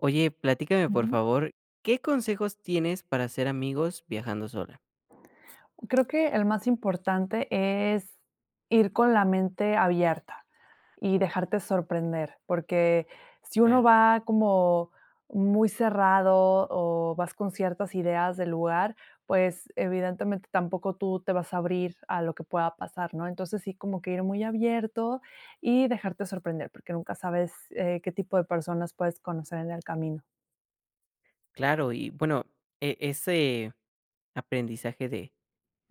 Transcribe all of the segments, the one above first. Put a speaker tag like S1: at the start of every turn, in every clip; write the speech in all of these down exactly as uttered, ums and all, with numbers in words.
S1: Oye, platícame por
S2: Ujú.
S1: favor, ¿qué consejos tienes para hacer amigos viajando sola?
S2: Creo que el más importante es ir con la mente abierta y dejarte sorprender, porque si uno
S1: Claro.
S2: va como muy cerrado o vas con ciertas ideas de lugar, pues evidentemente tampoco tú te vas a abrir a lo que pueda pasar, ¿no? Entonces, sí como que ir muy abierto y dejarte sorprender, porque nunca sabes, eh, qué tipo de personas puedes conocer en el camino.
S1: Claro y bueno, e ese aprendizaje de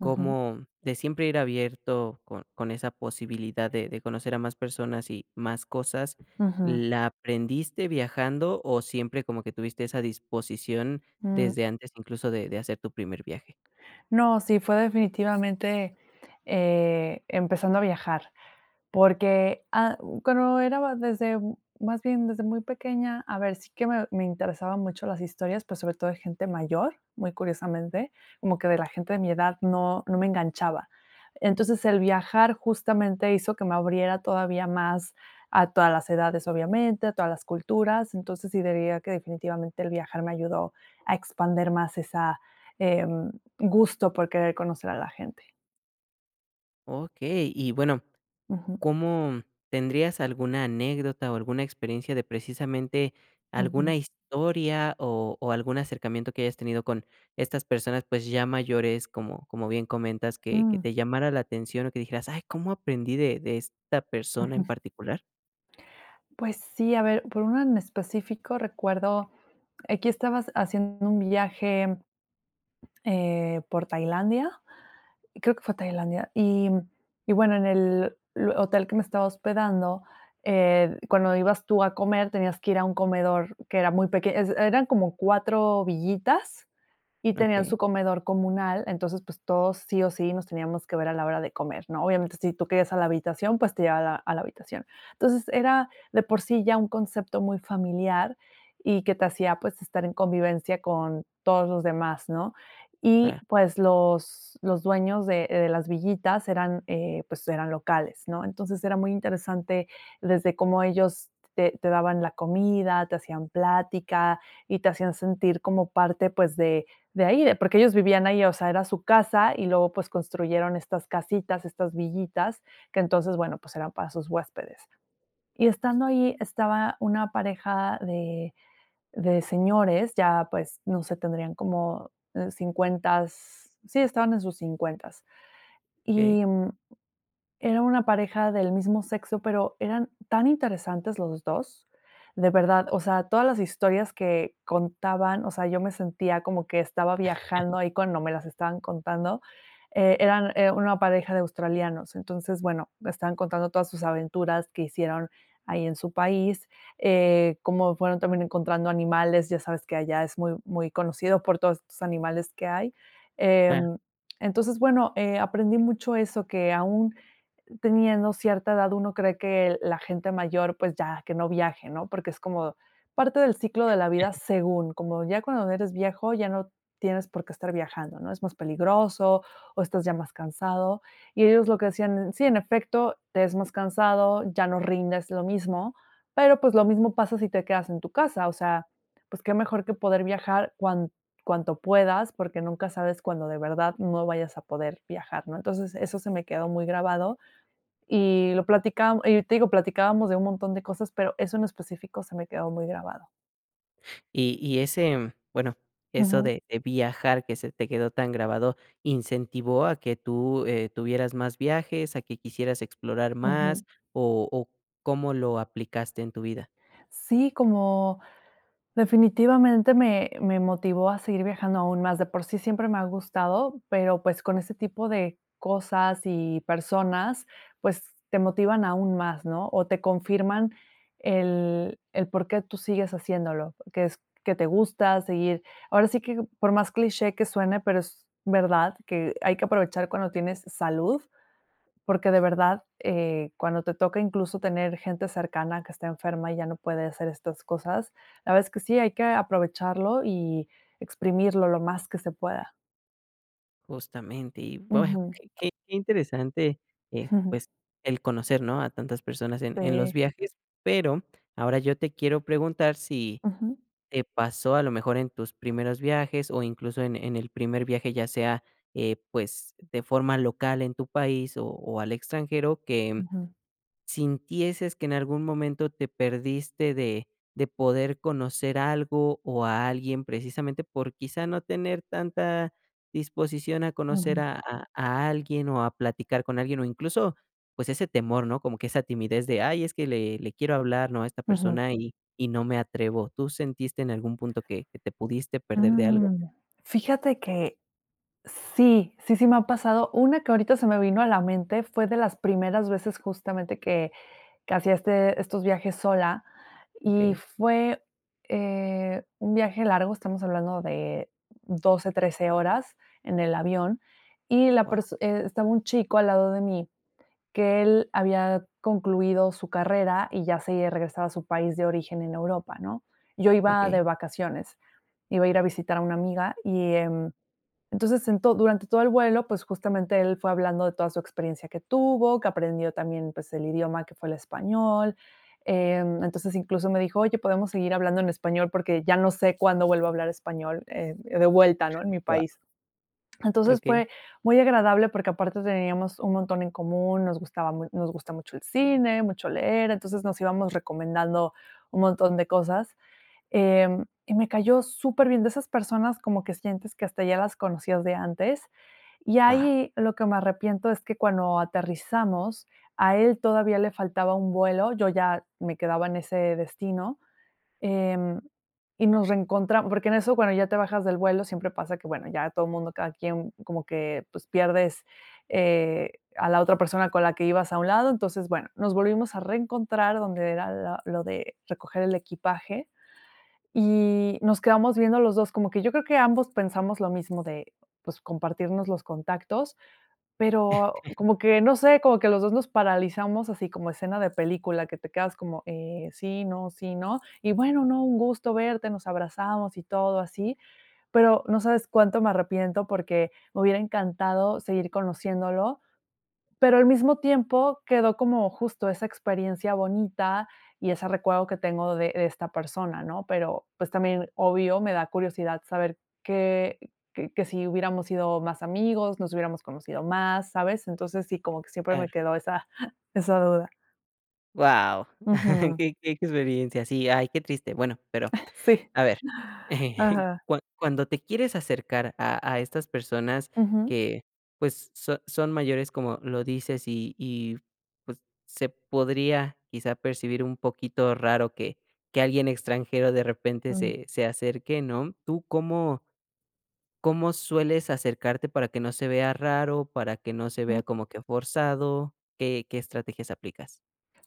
S2: Ujú.
S1: de siempre ir abierto con con esa posibilidad de de conocer a más personas y más cosas,
S2: Ujú.
S1: ¿la aprendiste viajando o siempre como que tuviste esa disposición
S2: Mm.
S1: desde antes incluso de de hacer tu primer viaje?
S2: No, sí, fue definitivamente, eh, empezando a viajar. Porque, ah, cuando era más desde, más bien desde muy pequeña, a ver, sí que me me interesaban mucho las historias, pero sobre todo de gente mayor, muy curiosamente, como que de la gente de mi edad no no me enganchaba. Entonces el viajar justamente hizo que me abriera todavía más a todas las edades obviamente, a todas las culturas, entonces sí diría que definitivamente el viajar me ayudó a expandir más esa, em, gusto por querer conocer a la gente.
S1: Okey. Y bueno,
S2: Ujú.
S1: ¿cómo tendrías alguna anécdota o alguna experiencia de precisamente,
S2: Ujú.
S1: alguna historia, o o, algún acercamiento que hayas tenido con estas personas, pues, ya mayores, como como bien comentas, que que
S2: Mm.
S1: te llamara la atención o que dijeras: "Ay, cómo aprendí de de esta persona en
S2: Ujú.
S1: particular?".
S2: Pues, sí. A ver, por una en específico recuerdo, aquí estabas haciendo un viaje, eh, por Tailandia, creo que fue Tailandia, y y bueno, en el l hotel que me estaba hospedando, eh, cuando ibas tú a comer tenías que ir a un comedor que era muy peque es eran como cuatro villitas, y tenían
S1: Okey.
S2: su comedor comunal. Entonces, pues, todos sí o sí nos teníamos que ver a la hora de comer, ¿no? Obviamente, si tú querías a la habitación, pues, te llega a la a la habitación. Entonces era de por sí ya un concepto muy familiar y que te hacía, pues, estar en convivencia con todos los demás, ¿no? Y,
S1: Ah.
S2: pues, los los dueños de de las villitas eran, eh, pues, eran locales, ¿no? Entonces, era muy interesante desde cómo ellos te te daban la comida, te hacían plática y te hacían sentir como parte, pues, de de ahí, porque ellos vivían ahí, o sea, era su casa y luego, pues, construyeron estas casitas, estas villitas que entonces, bueno, pues, eran para sus huéspedes. Y estando ahí estaba una pareja de de señores, ya, pues, no sé, tendrían como cincuentas, sí, estaban en sus cincuentas.
S1: Okey.
S2: Y, mm, era una pareja del mismo sexo, pero eran tan interesantes los dos. De verdad, o sea, todas las historias que contaban, o sea, yo me sentía como que estaba viajando ahí cuando me las estaban contando. Eh, eran, eh, una pareja de australianos. Entonces, bueno, estaban contando todas sus aventuras que hicieron ahí en su país. Eh, cómo fueron también encontrando animales, ya sabes que allá es muy muy conocido por todos estos animales que hay.
S1: Ca
S2: Em, entonces, bueno, eh, aprendí mucho eso, que aún teniendo cierta edad uno cree que la gente mayor, pues, ya, que no viaje, ¿no? Porque es como parte del ciclo de la vida según, como ya cuando eres viejo ya no tienes por qué estar viajando, ¿no? Es más peligroso, o, estás ya más cansado y ellos lo que hacían, sí, en efecto, te es más cansado, ya no rindes lo mismo, pero, pues, lo mismo pasa si te quedas en tu casa, o sea, pues, qué mejor que poder viajar cuan cuanto puedas, porque nunca sabes cuando de verdad no vayas a poder viajar, ¿no? Entonces, eso se me quedó muy grabado. Y lo platicábam y te digo platicábamos de un montón de cosas, pero eso en específico se me quedó muy grabado.
S1: Y y ese bueno, eso
S2: Ujú.
S1: de de viajar que se te quedó tan grabado, incentivó a que tú, eh, tuvieras más viajes, a que quisieras explorar
S2: Ujú.
S1: más, o o, ¿cómo lo aplicaste en tu vida?
S2: Sí, como definitivamente me me motivó a seguir viajando aún más. De por sí siempre me ha gustado, pero, pues, con ese tipo de cosas y personas, pues, te motivan aún más, ¿no? O, te confirman el el por qué tú sigues haciéndolo, que es que te gusta seguir ahora sí que por más cliché que suene, pero es verdad que hay que aprovechar cuando tienes salud, porque de verdad, eh, cuando te toca, incluso, tener gente cercana que está enferma y ya no puede hacer estas cosas, la verdad es que sí, hay que aprovecharlo y exprimirlo lo más que se pueda.
S1: Justamente, y bueno,
S2: Ujú.
S1: qué quei qué interesante, eh, pues el conocer, ¿no?, a tantas personas en en los
S2: Sí.
S1: viajes, pero ahora yo te quiero preguntar si
S2: Ujú.
S1: te pasó a lo mejor en tus primeros viajes, o, incluso en en el primer viaje ya sea, eh, pues, de forma local en tu país, o o, al extranjero que
S2: Ujú.
S1: sintieses que en algún momento te perdiste de de poder conocer algo, o a alguien precisamente por, quizá, no tener tanta disposición a conocer
S2: Ujú.
S1: a a a alguien, o a platicar con alguien, o, incluso, pues, ese temor, ¿no? Como que esa timidez de: "Ay es que le le quiero hablar, ¿no?, a esta
S2: Ujú.
S1: persona, y y no me atrevo". ¿Tú sentiste en algún punto que que te pudiste perder de algo?
S2: Mm. Fíjate que sí, sí, sí me ha pasado. Una que ahorita se me vino a la mente fue de las primeras veces justamente que que hacía este estos viajes sola. Y
S1: Okey.
S2: fue, eh, un viaje largo, estamos hablando de doce, trece horas en el avión, y la
S1: Guau.
S2: perso eh, estaba un chico al lado de mí, que él había concluido su carrera y ya se regresaba a su país de origen en Europa, ¿no? Yo iba
S1: Okey.
S2: de vacaciones. Iba a ir a visitar a una amiga y en entonces, durante todo el vuelo, pues, justamente él fue hablando de toda su experiencia que tuvo, que aprendió también, pues, el idioma que fue el español. Eh, entonces, incluso me dijo: "Oye, ¿podemos seguir hablando en español? Porque ya no sé cuándo vuelvo a hablar español, eh, de vuelta, ¿no?, en mi
S1: Guau.
S2: país". Entonces,
S1: Okey.
S2: fue muy agradable porque aparte teníamos un montón en común, nos gustaba mu nos gusta mucho el cine, mucho leer, entonces nos íbamos recomendando un montón de cosas. Eh, y me cayó superbién, de esas personas como que sientes que hasta ya las conocías de antes. Y
S1: Guau.
S2: ahí, lo que me arrepiento es que cuando aterrizamos, a él todavía le faltaba un vuelo, yo ya me quedaba en ese destino. Em, y nos reencontram porque en eso bueno, ya te bajas del vuelo, siempre pasa que, bueno, ya todo mundo cada quien como que pues, pierdes, eh, a la otra persona con la que ibas a un lado. Entonces, bueno, nos volvimos a reencontrar donde era la lo de recoger el equipaje, y nos quedamos viendo los dos como que yo creo que ambos pensamos lo mismo de, pues, compartirnos los contactos, pero como que, no sé, como que los dos nos paralizamos así como escena de película, que te quedas, como, eh, sí, no, sí, no. Y: "Bueno, no, un gusto verte", nos abrazamos y todo así, pero no sabes cuánto me arrepiento porque me hubiera encantado seguir conociéndolo. Pero al mismo tiempo, quedó como, justo esa experiencia bonita, y ese recuerdo que tengo de de esta persona, ¿no? Pero, pues también, obvio, me da curiosidad saber que que que si hubiéramos sido más amigos, nos hubiéramos conocido más, ¿sabes? Entonces, sí, como que siempre me
S1: Claro.
S2: quedó esa esa duda.
S1: ¡Guau!,
S2: Ujú.
S1: qué qué qué experiencia, sí ay qué triste. Bueno, pero
S2: Sí.
S1: a ver,
S2: Ajá.
S1: cua cuando te quieres acercar a a estas personas
S2: Ujú.
S1: que, pues, so son mayores, como lo dices, y y pues, se podría quizá percibir un poquito raro que que alguien extranjero de repente
S2: Mm.
S1: se se acerque, ¿no? ¿Tú cómo? ¿cómo sueles acercarte para que no se vea raro, para que no se
S2: Mm.
S1: vea como que forzado? ¿Qué qué estrategias aplicas?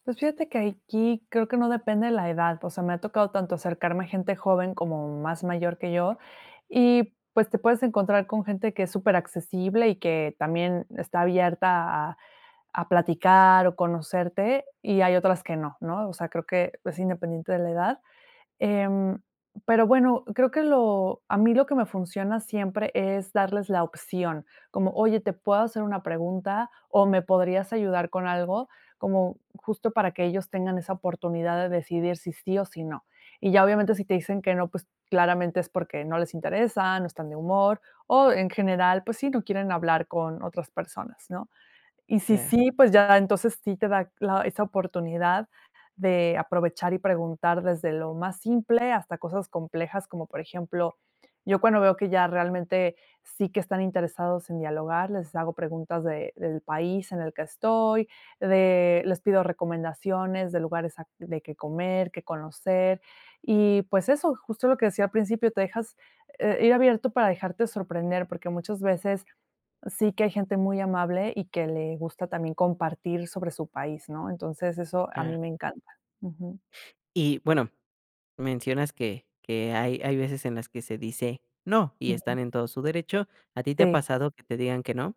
S2: Pues, fíjate que aiquí creo que no depende de la edad, o sea, me ha tocado tanto acercarme a gente joven, como más mayor que yo, y, pues, te puedes encontrar con gente que es superaccesible, y que también está abierta a a platicar, o conocerte, y hay otras que no, ¿no?, o sea, creo que es independiente de la edad. Em, pero bueno, creo que lo a mí lo que me funciona siempre es darles la opción. Como oye, ¿te puedo hacer una pregunta? O, ¿me podrías ayudar con algo?, como justo para que ellos tengan esa oportunidad de decidir si sí, o si no. Y ya obviamente si te dicen que no, pues, claramente es porque no les interesa, no están de humor, o en general, pues sí, no quieren hablar con otras personas, ¿no?, y si
S1: Claro.
S2: sí, pues ya, entonces, sí te da la esa oportunidad de aprovechar y preguntar desde lo más simple, hasta cosas complejas, como por ejemplo, yo cuando veo que ya realmente sí que están interesados en dialogar, les hago preguntas de del país en el que estoy, de les pido recomendaciones de lugares a de qué comer, qué conocer. Y pues eso, justo lo que decía al principio, te dejas, eh, ir abierto para dejarte sorprender, porque muchas veces, sí que hay gente muy amable y que le gusta también compartir sobre su país, ¿no?, entonces eso a mí
S1: Claro.
S2: me encanta. Ujú.
S1: Y bueno, mencionas que que hay hay veces en las que se dice: "No", y están
S2: Ujú.
S1: en todo su derecho, ¿a ti te ha
S2: Sí.
S1: pasado que te digan que no?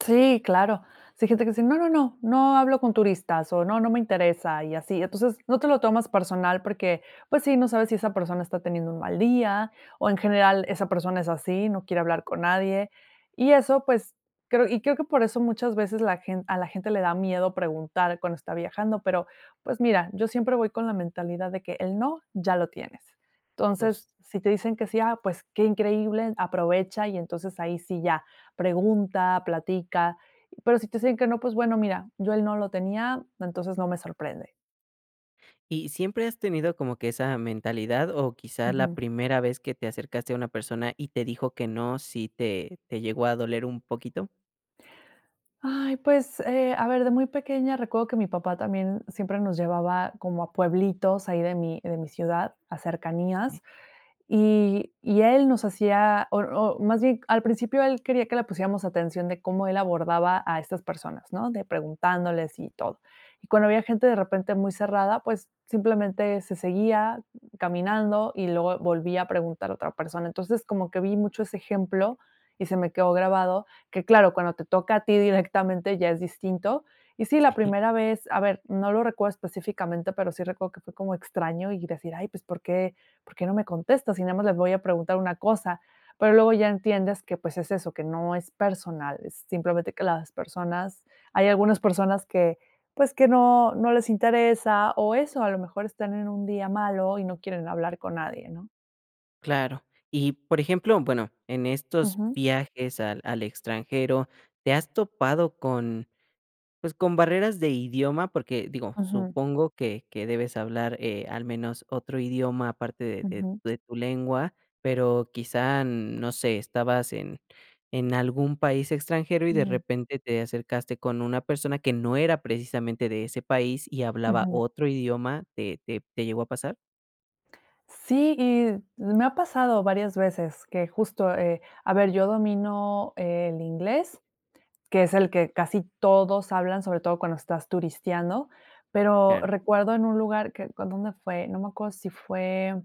S2: Sí, claro. Sí hay gente que dice: "No, no, no, no hablo con turistas, o, no, no me interesa" y así. Entonces, no te lo tomas personal porque, pues sí, no sabes si esa persona está teniendo un mal día, o, en general, esa persona es así, no quiere hablar con nadie. Y eso, pues creo y creo que por eso muchas veces la a la gente le da miedo preguntar cuando está viajando, pero, pues mira, yo siempre voy con la mentalidad de que el no, ya lo tienes. Entonces, si te dicen que sí, ah, pues qué increíble, aprovecha y entonces ahí sí ya pregunta, platica. Pero si te dicen que no, pues bueno, mira, yo él no lo tenía, entonces no me sorprende.
S1: ¿Y siempre has tenido como que esa mentalidad, o, quizá la
S2: Ujú.
S1: primera vez que te acercaste a una persona y te dijo que no si te te llegó a doler un poquito?
S2: Ay, pues, eh, a ver, de muy pequeña recuerdo que mi papá también siempre nos llevaba como a pueblitos ahí de mi de mi ciudad, a cercanías, y y él nos hacía, o o, más bien, al principio él quería que le pusiéramos atención de cómo él abordaba a esas personas, ¿no? De preguntándoles y todo y cuando había gente de repente muy cerrada, pues simplemente se seguía caminando y luego volvía a preguntar a otra persona. Entonces como que vi mucho ese ejemplo y se me quedó grabado que, claro, cuando te toca a ti directamente, ya es distinto. Y sí, la primera vez, a ver, no lo recuerdo específicamente, pero sí recuerdo que fue como extraño, y decir: "Ay, pues ¿Por qué por qué no me contesta? Si nada más les voy a preguntar una cosa". Pero luego ya entiendes que, pues, es eso, que no es personal, es simplemente que las personas, hay algunas personas que, pues, que no no les interesa o eso, a lo mejor están en un día malo y no quieren hablar con nadie, ¿no?
S1: Claro. Y por ejemplo, bueno en estos
S2: Ujú.
S1: viajes al al extranjero, ¿te has topado con pues con barreras de idioma? Porque digo,
S2: Ujú.
S1: supongo que que debes hablar, eh, al menos otro idioma aparte de de
S2: Ujú.
S1: de tu lengua, pero quizá, no sé, estabas en en algún país extranjero, y de
S2: No.
S1: repente te acercaste con una persona que no era precisamente de ese país y hablaba
S2: Ujú.
S1: otro idioma, ¿te te te llegó a pasar?
S2: Sí y me ha pasado varias veces que justo, eh, a ver yo domino el inglés, que es el que casi todos hablan, sobre todo, cuando estás turisteando, pero
S1: Claro.
S2: recuerdo en un lugar que con ¿dónde fue? No me acuerdo si fue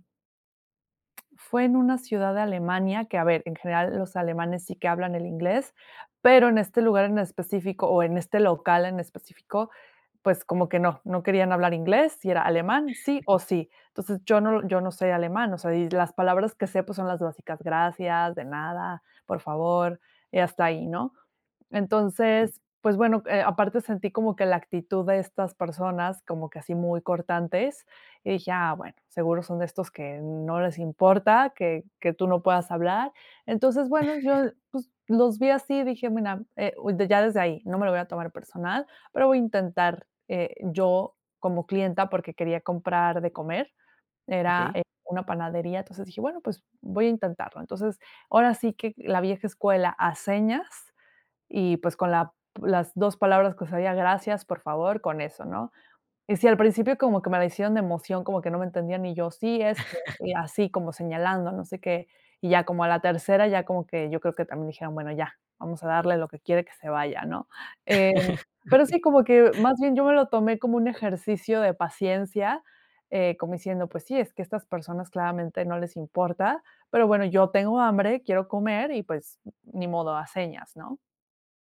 S2: fue en una ciudad de Alemania que, a ver, en general los alemanes sí que hablan el inglés, pero en este lugar en específico, o en este local en específico, pues, como que no, no querían hablar inglés, y era alemán, sí, o sí. Entonces yo no yo no se alemán, o sea, y las palabras que sé, pues son las básicas, gracias, de nada, por favor, y hasta ahí, ¿no?
S1: Okey.
S2: Entonces, pues bueno, eh, aparte sentí como que la actitud de estas personas, como que así muy cortantes, y dije: "Ah, bueno, seguro son de estos que no les importa que que tú no puedas hablar". Entonces, bueno, yo, pues, los vi así dije: "Mira, eh, ya desde ahí no me lo voy a tomar personal, pero voy a intentar", eh, yo como clienta porque quería comprar de comer, era
S1: Okey.
S2: una panadería, entonces dije: "Bueno, pues voy a intentarlo". Entonces, ahora sí que la vieja escuela a señas y, pues, con la las dos palabras que sabía: "Gracias", "por favor", con eso, ¿no? Y sí, al principio como que me la hicieron de emoción, como que no me entendían, y yo sí, este, y así como señalando, no sé qué, y ya como a la tercera, ya como que yo creo que también dijeron, bueno, ya, vamos a darle lo que quiere, que se vaya, ¿no? Eh, pero
S1: Okey.
S2: sí, como que más bien yo me lo tomé como un ejercicio de paciencia, eh, como diciendo, pues sí, es que estas personas claramente no les importa, pero bueno, yo tengo hambre, quiero comer y, pues, ni modo, a señas, ¿no?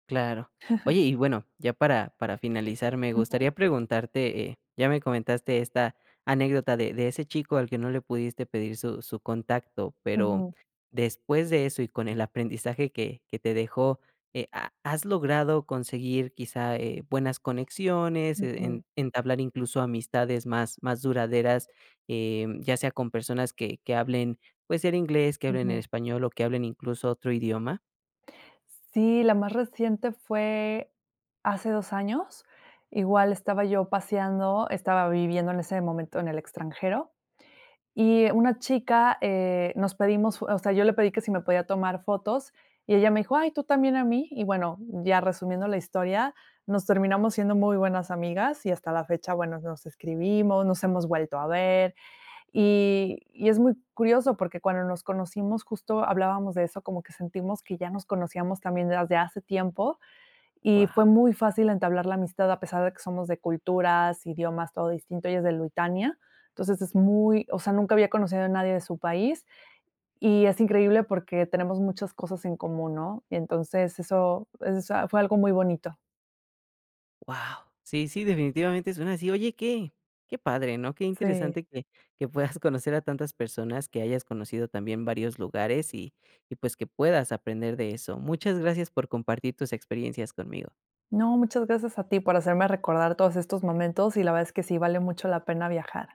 S1: Claro. Oye y, bueno, ya para para finalizar, me
S2: Ujú.
S1: gustaría preguntarte, eh, ya me comentaste esta anécdota de de ese chico al que no le pudiste pedir su su contacto, pero
S2: Ujú.
S1: después de eso y con el aprendizaje que que te dejó, eh, ¿ha has logrado conseguir quizá, eh, buenas conexiones, e
S2: Ujú.
S1: en entablar incluso amistades más más duraderas, eh, ya sea con personas que que hablen, pues, el inglés, que hablen en
S2: Ujú.
S1: español, o que hablen incluso otro idioma?
S2: Sí, la más reciente fue hace dos años. Igual estaba yo paseando, estaba viviendo en ese momento en el extranjero, y una chica, eh, nos pedimos fo o sea yo le pedí que si me podía tomar fotos, y ella me dijo: "Ay, ¿tú también a mí?" Y bueno, ya resumiendo la historia, nos terminamos haciendo muy buenas amigas, y hasta la fecha, bueno, nos escribimos, nos hemos vuelto a ver. Y y es muy curioso porque cuando nos conocimos justo hablábamos de eso, como que sentimos que ya nos conocíamos también desde hace tiempo, y
S1: Guau.
S2: fue muy fácil entablar la amistad a pesar de que somos de culturas, idiomas, todo distinto. Ella es de Luitania, entonces, es muy o sea, nunca había conocido a nadie de su país, y es increíble, porque tenemos muchas cosas en común, ¿no? Y entonces, eso eso, o sea, fue algo muy bonito.
S1: Guau. Sí, sí, definitivamente suena así, oye, qué qué padre, ¿no? qué
S2: Sí.
S1: interesante que que puedas conocer a tantas personas, que hayas conocido también varios lugares, y y, pues, que puedas aprender de eso. Muchas gracias por compartir tus experiencias conmigo.
S2: No, muchas gracias a ti por hacerme recordar todos estos momentos, y la verdad es que sí vale mucho la pena viajar.